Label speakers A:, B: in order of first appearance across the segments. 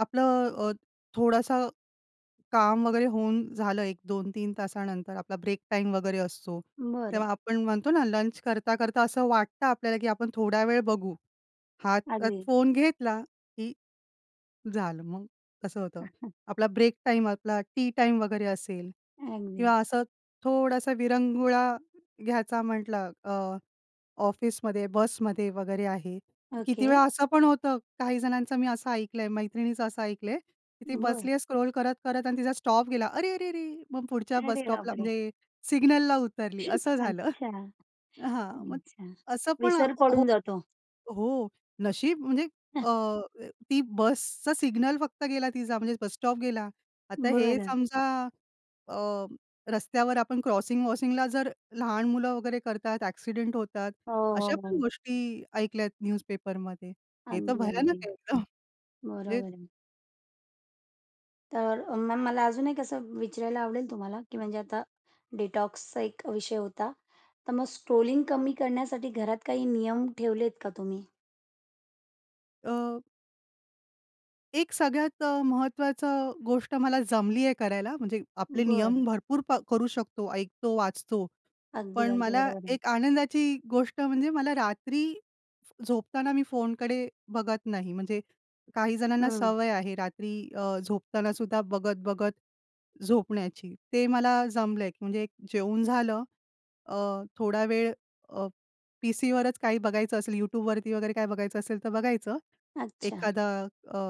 A: आपलं अ, थोडासं काम वगैरे होऊन झालं, 1, 2-3 तासानंतर, आपला ब्रेक टाईम वगैरे असतो,
B: बरं.
A: तेव्हा आपण म्हणतो ना, लंच करता-करता असं वाटतं आपल्याला की आपण थोड्या वेळ बघू. हातात
B: अगदी.
A: फोन घेतला की झालं मग, कसं होतं. आपला ब्रेक टाईम, आपला टि टाईम वगैरे असेल
B: अगदी.
A: किंवा असं, थोडासा विरंगुळा घ्यायचा म्हटलं अ, ऑफिसमध्ये, बसमध्ये वगैरे आहे. किती
B: ओके.
A: वेळा असं पण होतं, काही जणांचं मी असं ऐकलंय, मैत्रिणीचं असं ऐकलंय की ती
B: बरं.
A: बसलीय स्क्रॉल करत-करत आणि तिचा स्टॉप गेला, अरे! अरे! अरे! मग पुढच्या बस
B: अरे
A: स्टॉपला
B: बापरे!
A: म्हणजे सिग्नलला उतरली, असं झालं.
B: अच्छा,
A: हां, मग
B: अच्छा.
A: असं पण
B: विसर
A: हो
B: पडून जातो.
A: हो. नशीब म्हणजे अ, ती बसचं सिग्नल फक्त गेला तिचा म्हणजे बस स्टॉप गेला. आता हे
B: बरं.
A: समजा अ, रस्त्यावर आपण क्रॉसिंग-वॉसिंग जर लहान मुलं वगैरे करतात, एक्सिडेंट होतात,
B: हो,
A: अशा
B: हो,
A: पण
B: हो.
A: गोष्टी ऐकल्यात न्यूजपेपरमध्ये. हे तर
B: अगदी,
A: भयानक
B: अगदी.
A: आहे एकदम, म्हणजे
B: बरोबर आहे. तर, म मला अजून एक असं विचारायला आवडेल तुम्हाला की म्हणजे आता डिटॉक्सचा एक विषय होता, तर मग स्ट्रोलिंग कमी करण्यासाठी घरात काही नियम ठेवलेत का तुम्ही?
A: अ एक सगळ्यात अ, महत्वाचं गोष्ट मला जमलीय करायला, म्हणजे आपले
B: बरं.
A: नियम भरपूर प करू शकतो, ऐकतो, वाचतो.
B: अगदी,
A: पण
B: अगदी
A: मला
B: बरोबर आहे.
A: एक आनंदाची गोष्ट म्हणजे मला रात्री झोपताना, मी फोनकडे बघत नाही. म्हणजे काही जणांना
B: हं.
A: सवय आहे रात्री अ, झोपताना सुद्धा बघत-बघत झोपण्याची. ते मला जमलंय की म्हणजे एक जेऊन झालं अ, थोडा वेळ अ, पीसीवरच काही बघायचं असेल, YouTubeवरती वगैरे काय बघायचं असेल, तर बघायचं.
B: अच्छा.
A: एखादा अ,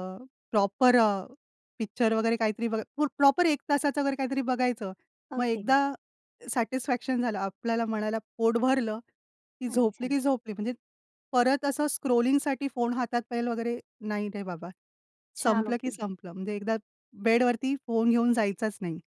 A: प्रॉपर अ, पिक्चर वगैरे काहीतरी बघ प्र प्रॉपर 1 तासाचं जर काहीतरी बघायचं, मग एकदा
B: ओके.
A: सॅटिस्फॅक्शन झालं, आपल्याला मनाला पोट भरलं, की झोपली
B: अच्छा.
A: की झोपली, म्हणजे परत असं स्क्रॉलिंगसाठी फोन हातात पाहेल वगैरे नाही रे बाबा.
B: छान,
A: संपलं की
B: ओके.
A: संपलं, म्हणजे एकदा बेडवरती फोन घेऊन जायचाच नाही.